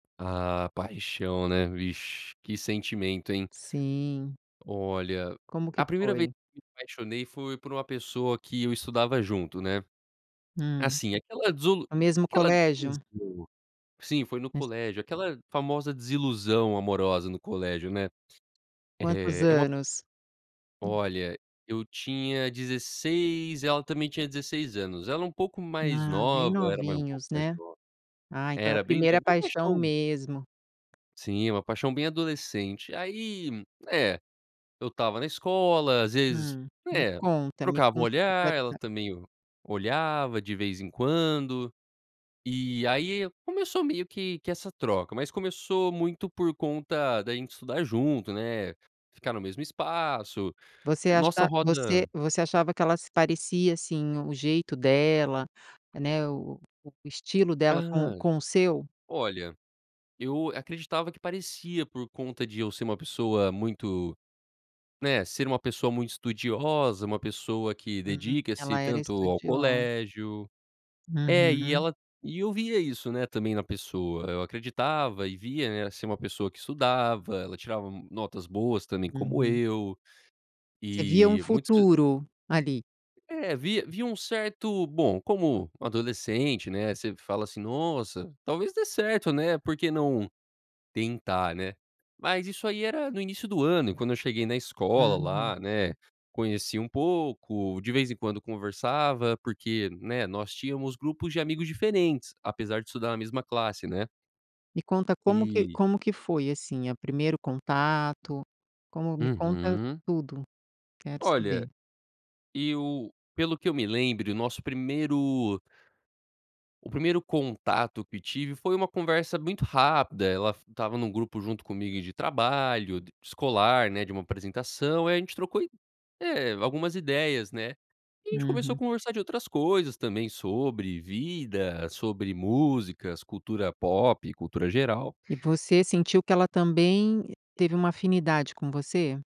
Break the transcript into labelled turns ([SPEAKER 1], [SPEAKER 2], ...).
[SPEAKER 1] Ah, paixão, né, vixe, que sentimento, hein.
[SPEAKER 2] Sim.
[SPEAKER 1] Olha,
[SPEAKER 2] Como que
[SPEAKER 1] a primeira vez
[SPEAKER 2] foi?
[SPEAKER 1] que me apaixonei foi por uma pessoa que eu estudava junto, né?
[SPEAKER 2] Hum,
[SPEAKER 1] Assim, aquela desulu
[SPEAKER 2] o mesmo
[SPEAKER 1] aquela
[SPEAKER 2] colégio?
[SPEAKER 1] desilusão, sim, foi no
[SPEAKER 2] Mes
[SPEAKER 1] colégio, aquela famosa desilusão amorosa no colégio, né?
[SPEAKER 2] Quantos
[SPEAKER 1] Eh, é uma
[SPEAKER 2] anos? Hum.
[SPEAKER 1] olha, eu tinha 16, ela também tinha 16 anos, ela um pouco mais
[SPEAKER 2] Ah, bem
[SPEAKER 1] nova, era mais um pouco
[SPEAKER 2] novinhos,
[SPEAKER 1] mais
[SPEAKER 2] né?
[SPEAKER 1] nova.
[SPEAKER 2] Ai, então é a
[SPEAKER 1] Era bem
[SPEAKER 2] primeira
[SPEAKER 1] novo, uma
[SPEAKER 2] paixão
[SPEAKER 1] paixão.
[SPEAKER 2] mesmo.
[SPEAKER 1] Sim, uma paixão bem adolescente. Aí, é, eu estava na escola, às vezes,
[SPEAKER 2] Hum, me
[SPEAKER 1] né,
[SPEAKER 2] conta, me
[SPEAKER 1] trocava o
[SPEAKER 2] conta que eu
[SPEAKER 1] olhar,
[SPEAKER 2] quero
[SPEAKER 1] ela
[SPEAKER 2] saber.
[SPEAKER 1] também o olhava de vez em quando. E aí começou meio que que essa troca, mas começou muito por conta da gente estudar junto, né, ficar no mesmo espaço,
[SPEAKER 2] Você acha
[SPEAKER 1] nossa roda
[SPEAKER 2] você você achava que ela se parecia, assim, o jeito dela, né, o o o estilo dela com
[SPEAKER 1] Hã,
[SPEAKER 2] com o seu?
[SPEAKER 1] olha, eu acreditava que parecia por conta de eu ser uma pessoa muito, né, ser uma pessoa muito estudiosa, uma pessoa que
[SPEAKER 2] Hum,
[SPEAKER 1] dedica-se
[SPEAKER 2] ela era
[SPEAKER 1] tanto ao
[SPEAKER 2] estudiosa.
[SPEAKER 1] colégio. É, e
[SPEAKER 2] Uhum.
[SPEAKER 1] ela e eu via isso, né, também na pessoa, eu acreditava e via, né, ser uma pessoa que estudava, ela tirava notas boas também como
[SPEAKER 2] Uhum.
[SPEAKER 1] eu,
[SPEAKER 2] Você via um
[SPEAKER 1] e muitos
[SPEAKER 2] futuro ali?
[SPEAKER 1] É, via via um certo, bom, como adolescente, né, você fala assim: "Nossa, talvez dê certo, né. Por que não tentar, né?", mas isso aí era no início do ano e quando eu cheguei na escola
[SPEAKER 2] Uhum.
[SPEAKER 1] lá, né, conheci um pouco, de vez em quando conversava porque, né, nós tínhamos grupos de amigos diferentes, apesar de estudar na mesma classe, né?
[SPEAKER 2] Me conta como que
[SPEAKER 1] E
[SPEAKER 2] como que foi, assim, o primeiro contato, como me conta
[SPEAKER 1] Uhum.
[SPEAKER 2] tudo, quero
[SPEAKER 1] Olha,
[SPEAKER 2] saber.
[SPEAKER 1] eu pelo que eu me lembre, o nosso primeiro o primeiro contato que tive foi uma conversa muito rápida ela f estava num grupo junto comigo de trabalho d escolar, né, de uma apresentação, aí a gente trocou i eh, algumas ideias, né? E a gente começou a
[SPEAKER 2] Uhum.
[SPEAKER 1] conversar de outras coisas também sobre vida, sobre músicas, cultura pop, cultura geral.
[SPEAKER 2] E você sentiu que ela também teve uma afinidade com você?